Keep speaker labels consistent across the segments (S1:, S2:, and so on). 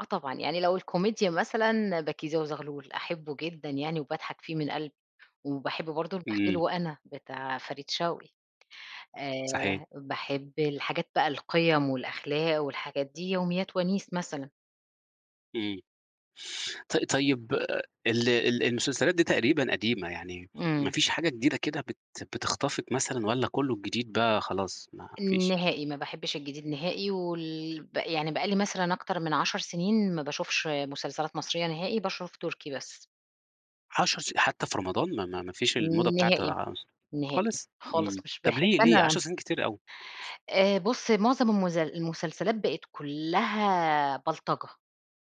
S1: آه طبعًا. يعني لو الكوميديا مثلًا بَكيزة وزغلول، أحُبه جدًا يعني وباضحك فيه من قلبي، وباحب برضه البخيل
S2: إمم.
S1: وأنا، بتاع فريد شوقي.
S2: صحيح.
S1: آآ، باحب الحاجات بقى القِيَّم والأخلاق والحاجات دي، يوميات وَنيس مثلًا.
S2: إمم. ط طيب، أ ال ال المسلسلات دي تقريبًا قديمة، يعني ما
S1: إمم.
S2: فيش حاجة جديدة كده بت بتخطفِك مثلًا والّا كُلّه الجديد بقى خلاص، ما فيش؟
S1: نهائي. ما باحبش الجديد نهائي وال ب يعني بقى لي مثلًا أكتر من 10 سِنين ما باشوفش مسلسلات مصرية نهائي، باشوف تُركي بس.
S2: 10 س حتّى في رمضان ما ما ما فيش الموضة بتاعة
S1: نهائي. نهائي.
S2: خالص؟
S1: خالص،
S2: إمم.
S1: مش
S2: طب
S1: باحب
S2: ليه، ليه؟
S1: أنا
S2: 10 سِنين كتير أوي.
S1: آآ بُص، معظم المز المسلسلات بقت كُلّها بلطجة،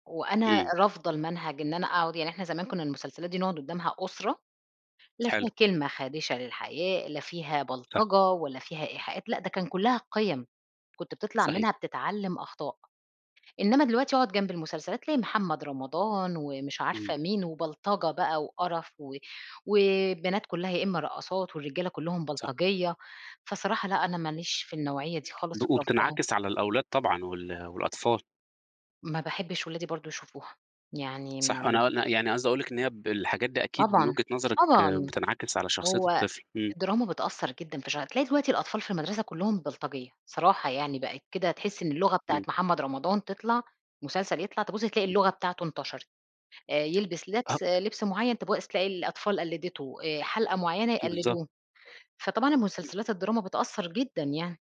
S1: وأنا
S2: إمم.
S1: رافضة المنهج إن أنا أقعد يعني إحنا زمان كُنّا المسلسلات دي نقعد قُدّامها أسرة، لا فيها
S2: حلو.
S1: كلمة خادِشة للحياء، لا فيها
S2: صح.
S1: بلطجة ولا فيها إيحاءات، لأ ده كان كُلّها قِيّّم، كنت بتطلع
S2: صحيح.
S1: منها بتتعلّم أخطاء. إنّما دلوقتي أقعد جنب المسلسلات، تلاقي محمد رمضان ومش
S2: إمم.
S1: عارفة مين وبلطجة بقى وقرف و والبنات كُلّها يا إمّا رقّاصات والرجالة كُلّهم
S2: صح.
S1: بلطجية. فصراحة لأ، أنا ما ليش في النوعية دي خالص
S2: دو
S1: ورافضاها.
S2: وبتنعكس على الأولاد طبعًا وال والأطفال.
S1: ما باحبش ولادي برضه يشوفوها. يعني
S2: صح. أنا
S1: م
S2: أ ن يعني قصدي أقول لِك إن هي ب الحاجات دي أكيد من
S1: طبعًا.
S2: وجهة نظرِك
S1: طبعًا.
S2: بتنعكس على شخصية
S1: هو
S2: الطفل، إمم.
S1: الدراما بتأثّر جدًا في شع تلاقي دلوقتي الأطفال في المدرسة كُلّهم بلطجية، صراحة يعني، بقت كده تحِس إن اللغة بتاعة
S2: إمم.
S1: محمد رمضان تطلع مسلسل يطلع، تبُص تلاقي
S2: [unintelligible]
S1: اللغة بتاعته انتشرت. آآ يلبِس
S2: أها.
S1: لِبْس، لِبْس معيّن، تبُقص تلاقي الأطفال قلِّدته، آآ حَلْقة معيّنة
S2: في بالضبط.
S1: يقلِّدوه، فطبعًا
S2: [unintelligible]
S1: المسلسلات الدراما بتأثّر جدًا يعني.